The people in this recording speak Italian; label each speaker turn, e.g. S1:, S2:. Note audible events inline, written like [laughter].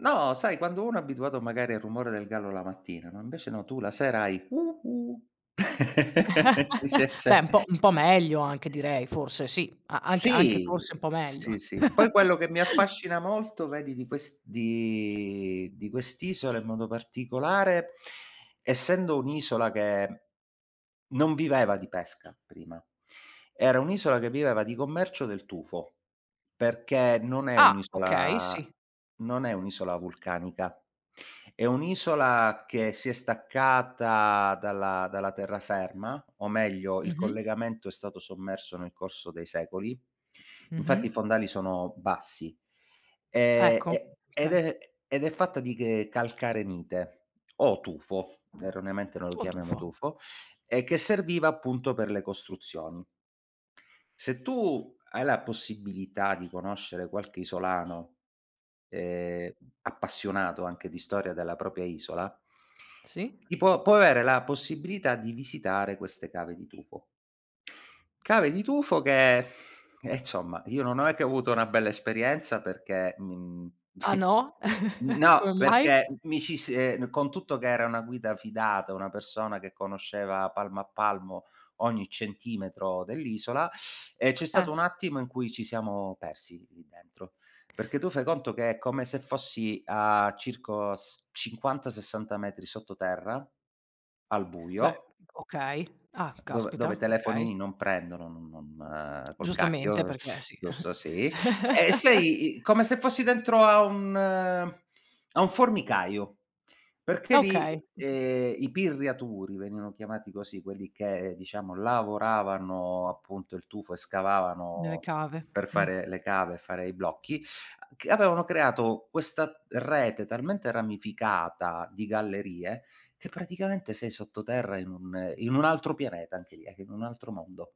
S1: No, sai quando uno è abituato magari al rumore del gallo la mattina, no invece no, tu la sera hai cu cu
S2: [chuckles] Beh un po'
S1: [chuckles]
S2: un po' meglio anche
S1: [unintelligible]
S2: direi forse sì. A anche anche forse
S1: Sì.
S2: un po' meglio.
S1: Sì, sì. Poi quello che mi
S2: [chuckles]
S1: affascina molto vedi di quest di di quest'isola in modo particolare, essendo un'isola che non viveva di pesca prima. Era un'isola che viveva di commercio del tufo, perché non è
S2: Ah,
S1: un'
S2: okay,
S1: isola
S2: sì.
S1: non è un'isola vulcanica, è un'isola che si è staccata dalla dalla terraferma, o meglio il
S2: Mh-mh.
S1: collegamento è stato sommerso nel corso dei secoli.
S2: Mh-mh.
S1: Infatti i fondali sono bassi. Ehm,
S2: Ecco,
S1: e ed
S2: okay.
S1: è ed è fatta di ghe calcarenite o tufo, erroneamente noi lo
S2: O
S1: chiamiamo
S2: tufo.
S1: tufo, e che serviva appunto per le costruzioni. Se tu hai la possibilità di conoscere qualche isolano, ehm, appassionato anche di storia della propria isola
S2: Sì.
S1: ti può può avere la possibilità di visitare queste cave di tufo. Cave di tufo che [exhales] eh, insomma, io non è che ho avuto una bella esperienza, perché mi mi
S2: Ah
S1: [scoffs]
S2: no, [chuckles]
S1: no,
S2: come mai?
S1: perché mi ci si ehm, con tutto che era una guida fidata, una persona che conosceva palmo a palmo ogni centimetro dell'isola, [sucks teeth] ehm, c'è
S2: Eh.
S1: stato un attimo in cui ci siamo persi lì dentro, perché tu fai conto che è come se fossi a circo s 50, 60 metri sotto terra al
S2: Beh,
S1: buio.
S2: okay. Ah,
S1: Dove
S2: caspita,
S1: dove
S2: okay.
S1: telefonini non prendono, non non col
S2: Giustamente,
S1: cacchio,
S2: perché sì.
S1: giusto sì. E
S2: [chuckles] Cioè.
S1: sei come se fossi dentro a un a un formicaio, perché
S2: Okay, oka
S1: lì, ehm, i pirriaturi venivano chiamati così quelli che diciamo lavoravano appunto il tufo e
S2: Nelle
S1: scavavano
S2: cave,
S1: per
S2: mh.
S1: fare le cave e fare i blocchi, a c avevano creato questa rete talmente ramificata di gallerie, che praticamente sei sotto terra in un un altro pianeta anche lì, ecco in un altro mondo.